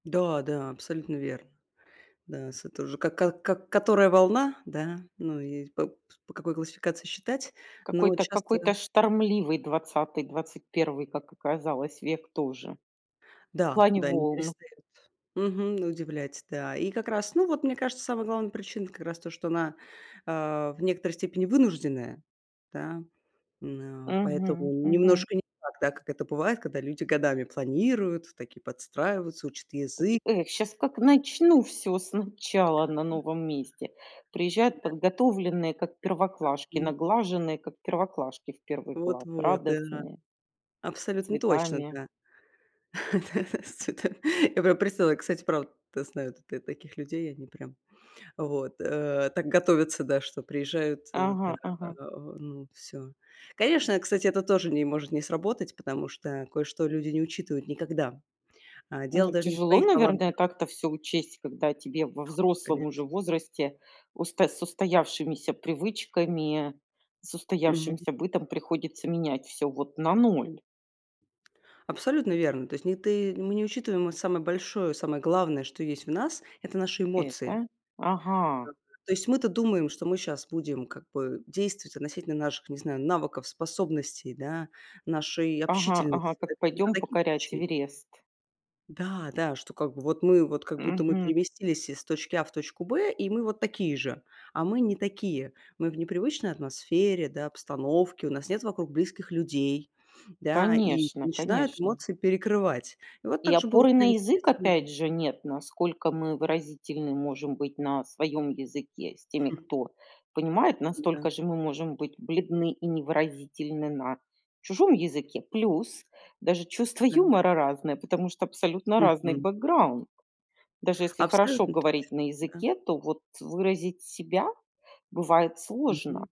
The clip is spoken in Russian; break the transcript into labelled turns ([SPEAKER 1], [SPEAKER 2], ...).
[SPEAKER 1] Да, да, абсолютно верно. Да, с тоже. Как как как, которая волна, да, ну, и с поп по какой классификации считать, но
[SPEAKER 2] Какой-то
[SPEAKER 1] часто
[SPEAKER 2] какой-то штормливый 20, 21, как оказалось, век тоже. В
[SPEAKER 1] да,
[SPEAKER 2] плане
[SPEAKER 1] да, не
[SPEAKER 2] волн.
[SPEAKER 1] перестают мгм, удивлять, да. И как раз, ну, вот мне кажется, самая главная причина как раз то, что она, а, в некоторой степени вынужденная, да, м, а поэтому
[SPEAKER 2] Мгм, мгм.
[SPEAKER 1] немножко не так, да, как это бывает, когда люди годами планируют, такие, подстраиваются, учат
[SPEAKER 2] Поти
[SPEAKER 1] язык.
[SPEAKER 2] эх, щас как начну всё сначала на
[SPEAKER 1] Да.
[SPEAKER 2] новом месте. Приезжают
[SPEAKER 1] Да.
[SPEAKER 2] подготовленные, как первоклашки,
[SPEAKER 1] Ага.
[SPEAKER 2] наглаженные, как первоклашки в 1 класс,
[SPEAKER 1] Вот-вот, да.
[SPEAKER 2] радостные с
[SPEAKER 1] Абсолютно точно,
[SPEAKER 2] цветами.
[SPEAKER 1] да., [unintelligible] Да. Я прям представила, как, кстати, правда, да, знаю тут я таких людей. Они прям вот, э, так готовятся, да, что приезжают, э, да,
[SPEAKER 2] Ага,
[SPEAKER 1] да. А,
[SPEAKER 2] ага.
[SPEAKER 1] ну, всё. Конечно, кстати, это тоже не может не сработать, потому что кое-что люди не учитывают никогда. А дело
[SPEAKER 2] Ну,
[SPEAKER 1] даже не в
[SPEAKER 2] тяжело,
[SPEAKER 1] твоих
[SPEAKER 2] наверное,
[SPEAKER 1] талантах.
[SPEAKER 2] так-то всё учесть, когда тебе, во взрослом уже
[SPEAKER 1] Конечно.
[SPEAKER 2] возрасте, усто с устоявшимися привычками, с
[SPEAKER 1] Мгм.
[SPEAKER 2] устоявшимся бытом, приходится менять всё вот на 0.
[SPEAKER 1] Абсолютно верно. То есть не ты мы не учитываем, а самое большое, самое главное, что есть в нас,- это наши эмоции.
[SPEAKER 2] Это. Ага.
[SPEAKER 1] Ага. То есть мы-то думаем, что мы щас будем как бы действовать относительно наших, не знаю, навыков, способностей, да, нашей
[SPEAKER 2] Ага ага,
[SPEAKER 1] общительности, да,
[SPEAKER 2] так,
[SPEAKER 1] какие-то
[SPEAKER 2] пойдем покорять
[SPEAKER 1] такие-то. [unintelligible]
[SPEAKER 2] Эверест.
[SPEAKER 1] Да да, что, как бы, вот, мы, вот, как будто мы
[SPEAKER 2] Мгм.
[SPEAKER 1] переместились из точки А в точку Б, и мы, вот, такие же. А мы не такие. Мы в непривычной атмосфере, да, обстановке, у нас нет вокруг близких людей. Да, и
[SPEAKER 2] Конечно,
[SPEAKER 1] начинают
[SPEAKER 2] конечно.
[SPEAKER 1] эмоции перекрывать. И вот
[SPEAKER 2] И
[SPEAKER 1] так же было, в
[SPEAKER 2] опоры на
[SPEAKER 1] принципе,
[SPEAKER 2] язык
[SPEAKER 1] со мной.
[SPEAKER 2] опять же нет, на насколько мы выразительны можем быть на своем языке с теми, кто понимает,
[SPEAKER 1] Да.
[SPEAKER 2] настолько же мы можем быть бледны и невыразительны на чужом языке. Плюс, даже чувство
[SPEAKER 1] Да, м.
[SPEAKER 2] юмора разное, потому что абсолютно разный
[SPEAKER 1] Мгм.
[SPEAKER 2] бэкграунд. Даже если хорошо
[SPEAKER 1] Абсолютно
[SPEAKER 2] говорить
[SPEAKER 1] точно.
[SPEAKER 2] на
[SPEAKER 1] Да.
[SPEAKER 2] языке, то вот, э, выразить себя бывает сложно.
[SPEAKER 1] Мгм.